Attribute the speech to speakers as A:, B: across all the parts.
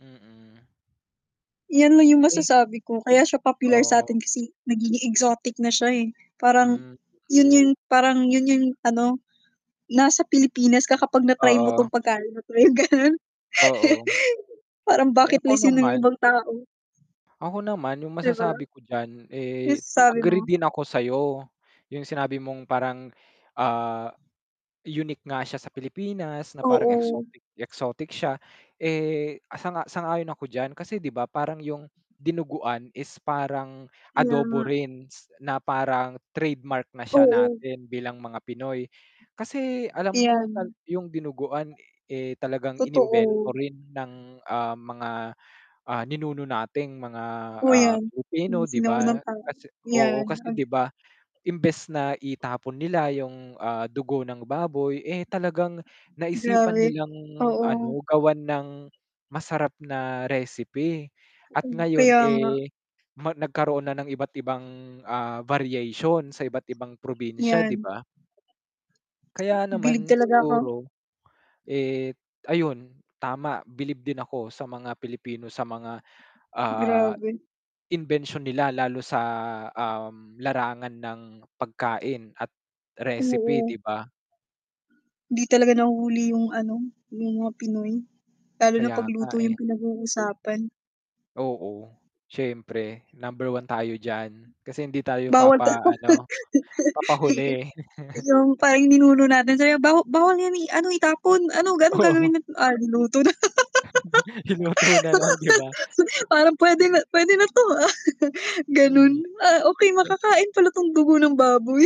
A: Mm.
B: Yan lang yung
A: Eh
B: masasabi ko kaya siya popular
A: Oo.
B: satin kasi nagiging exotic na siya, eh, parang
A: Hmm,
B: yun
A: mhm.
B: yung parang yun yung ano, nasa Pilipinas ka kapag na-try mo 'tong
A: Oo.
B: pagkain na 'to yung ganun.
A: Oo.
B: Parang
A: Eh,
B: bucket
A: ako
B: list 'yon
A: naman
B: yung ibang tao.
A: ako naman yung
B: Di ba?
A: masasabi ko diyan,
B: Yung
A: eh,
B: sabi mo.
A: agree din ako sayo, yung sinabi mong parang, ah, unique nga siya sa Pilipinas na parang
B: Oo.
A: exotic exotic siya, eh, sang-a sang-ayon ako diyan kasi 'di ba parang yung dinuguan is parang
B: Kaya
A: adobo
B: nga.
A: rin s na parang trademark na siya
B: Oo.
A: natin bilang mga Pinoy. Kasi alam ko tal
B: Yan.
A: yung dinuguan, eh, talagang
B: Totoo.
A: inimbento rin ng, ah, mga, ah, ninuno nating mga,
B: Totoo
A: ah,
B: yan yung
A: Pilipino 'di ba,
B: sinaunang tao,
A: kasi oo,
B: yan
A: kasi
B: ag
A: 'di ba imbes na itapon nila yung, ah, dugo ng baboy, eh, talagang naisipan
B: Grabe,
A: nilang
B: oo.
A: ano gawan ng masarap na recipe at
B: Hmm,
A: ngayon,
B: kaya nga.
A: eh, ma nagkaroon na ng iba't-ibang, ah, variation sa iba't-ibang probinsya
B: Yan.
A: 'di ba? Kaya
B: Bilib
A: naman
B: talaga ako
A: siguro, eh, ayun tama, bilib din ako sa mga Pilipino sa mga, ah,
B: Grabe.
A: imbensyon nila lalo sa, um, larangan ng pagkain at recipe
B: Oo.
A: 'di ba?
B: 'Di talaga nahuhuli yung ano, yung mga Pinoy, lalo na
A: Kaya
B: 'pag
A: nga,
B: luto
A: eh.
B: yung pinag-uusapan.
A: Oo, siyempre number 1 tayo diyan, kasi hindi tayo
B: Bawal ta
A: papa ano, papahuli.
B: yung parang ninuno natin sabi, "Ba bawal yan, eh, ano, itapon, ano ga
A: Oo.
B: gagawin na, ah, naluto na."
A: Iluto na lang 'di ba?
B: Parang puwede na puwede na 'to, ah, ganun.
A: Hmm.
B: Ah, okey
A: Eh
B: makakain pala 'tong dugo ng baboy.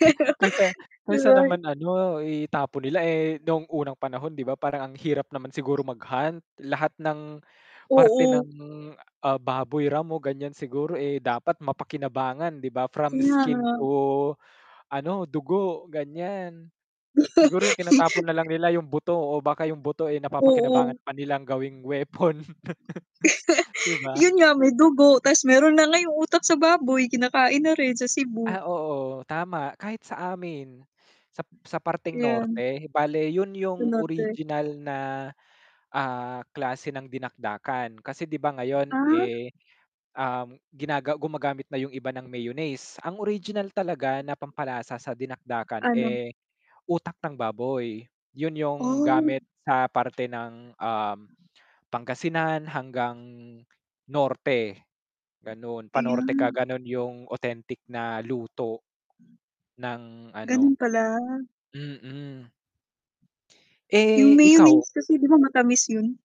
A: ka kaysa
B: Di
A: kaysa
B: ba?
A: naman ano itapon nila, eh, noong unang panahon 'di ba parang ang hirap naman siguro mag-hunt, lahat ng parte ng,
B: Oo.
A: ah, baboy ramo ganiyan siguro, eh, dapat mapakinabangan 'di ba from
B: Kaya
A: skin
B: nga.
A: to ano dugo, ganiyan. Siguro yung tinatapon nalang nila yung buto o baka yung buto, eh, napapakinabangan
B: Oo.
A: pa nilang gawing weapon, 'di ba?
B: Yun nga may dugo ta's meron na nga yong utak sa baboy kinakain na rin, sa Cebu.
A: Ah, oo, tama kahit sa amin sa sa parteng
B: Yun.
A: norte bale yun
B: Yung
A: yung
B: norte.
A: original na, ah, klase ng dinakdakan kasi 'di ba ngayon,
B: Ah?
A: eh, um, ginaga gumagamit na yung iba ng mayonnaise, ang original talaga na pampalasa sa dinakdakan,
B: Ano?
A: eh, utak ng baboy, yun yung
B: Oh.
A: gamit sa parte ng um, Pangasinan hanggang norte, ganun pa-norte ka
B: Iyan.
A: ganun yung authentic na luto ng
B: Ganun
A: ano,
B: pala.
A: mm.
B: Yung
A: Eh, ikaw?
B: mayonnaise kasi 'di ba matamis yun.